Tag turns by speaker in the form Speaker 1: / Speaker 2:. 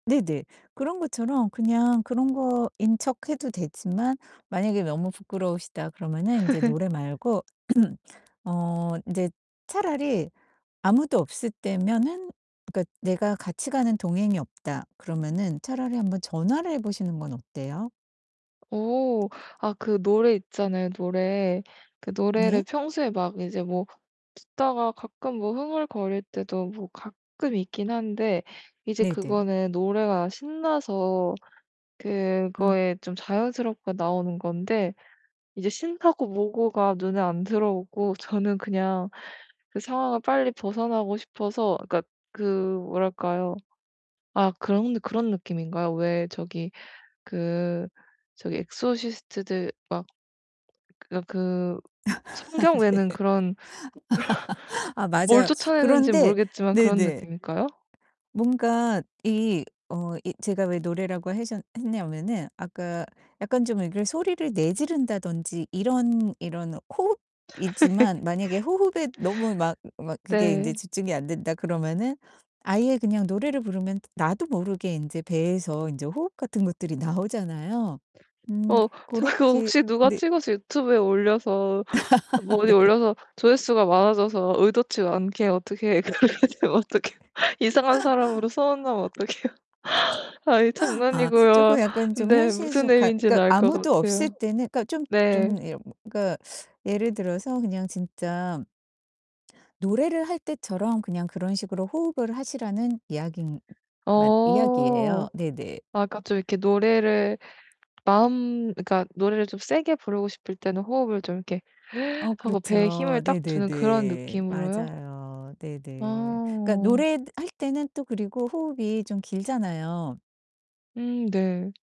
Speaker 1: 네네. 그런 것처럼 그냥 그런 거인 척해도 되지만 만약에 '너무 부끄러우시다.' 그러면은 인제 노래 말고 어 인제 차라리 아무도 없을 때면은 그러니까 '내가 같이 가는 동행이 없다.' 그러면은 차라리 한번 전화를 해 보시는 건 어때요?
Speaker 2: 어. 아 그 노래 있잖아요, 노래. 그
Speaker 1: 네.
Speaker 2: 노래를 평소에 막 이제 뭐 듣다가 가끔 뭐 흥얼거릴 때도 뭐 가끔 있기는 한데 이제
Speaker 1: 네네.
Speaker 2: 그거는 노래가 신나서
Speaker 1: 음.
Speaker 2: 그거에 좀 자연스럽게 나오는 건데 이제 신나고 뭐고가 눈에 안 들어오고 저는 그냥 그 상황을 빨리 벗어나고 싶어서 그니까 그 뭐랄까요? 아 그런 그런 느낌인가요? 왜 저기 그 저기 엑소시스트들 막 그러니까 그
Speaker 1: 아
Speaker 2: 성경
Speaker 1: 네.
Speaker 2: 외는 그런 그런
Speaker 1: 아
Speaker 2: 뭘
Speaker 1: 맞아요.
Speaker 2: 쫓아내는지
Speaker 1: 그런데
Speaker 2: 모르겠지만 그런
Speaker 1: 네네.
Speaker 2: 느낌일까요?
Speaker 1: 뭔가 이 어 이 제가 왜 노래라고 하셨 했냐면은 아까 약간 좀 이렇게 소리를 내지른다든지 이런 이런 호흡이지만 만약에 '호흡에 너무 막 막 그게
Speaker 2: 네.
Speaker 1: 인제 집중이 안 된다.' 그러면은 아예 그냥 노래를 부르면 나도 모르게 인제 배에서 인제 호흡 같은 것들이 나오잖아요. 음
Speaker 2: 어 저 그거
Speaker 1: 고렇게
Speaker 2: 혹시 누가
Speaker 1: 네.
Speaker 2: 찍어서 유튜브에 올려서 뭐 어디
Speaker 1: 네.
Speaker 2: 올려서 조회수가 많아져서 의도치 않게 어떻게 그렇게 되면 어떻게 해요? 이상한 사람으로 소문나면 어떡해요. 아이
Speaker 1: 아 쪼끔
Speaker 2: 장난이고요.
Speaker 1: 약간 좀
Speaker 2: 네.
Speaker 1: 현실
Speaker 2: 무슨
Speaker 1: 좀 가
Speaker 2: 의미인지는
Speaker 1: 그러니까
Speaker 2: 알 것
Speaker 1: 아무도
Speaker 2: 같아요.
Speaker 1: 없을 때는 그러니까 좀
Speaker 2: 네.
Speaker 1: 좀 이런 그러니까 예를 들어서 그냥 진짜 노래를 할 때처럼 그냥 그런 식으로 호흡을 하시라는 이야기만
Speaker 2: 어.
Speaker 1: 이야기예요. 네네.
Speaker 2: 약간 좀 이렇게 노래를 마음 그러니까 노래를 좀 세게 부르고 싶을 때는 호흡을 좀 이렇게
Speaker 1: 어
Speaker 2: 하고 배에 힘을
Speaker 1: 그렇죠.
Speaker 2: 딱 주는 그런
Speaker 1: 네네네.
Speaker 2: 느낌으로요?
Speaker 1: 맞아요. 네네. 그러니까
Speaker 2: 어.
Speaker 1: 노래할 때는 또 그리고 호흡이 좀 길잖아요.
Speaker 2: 음 네.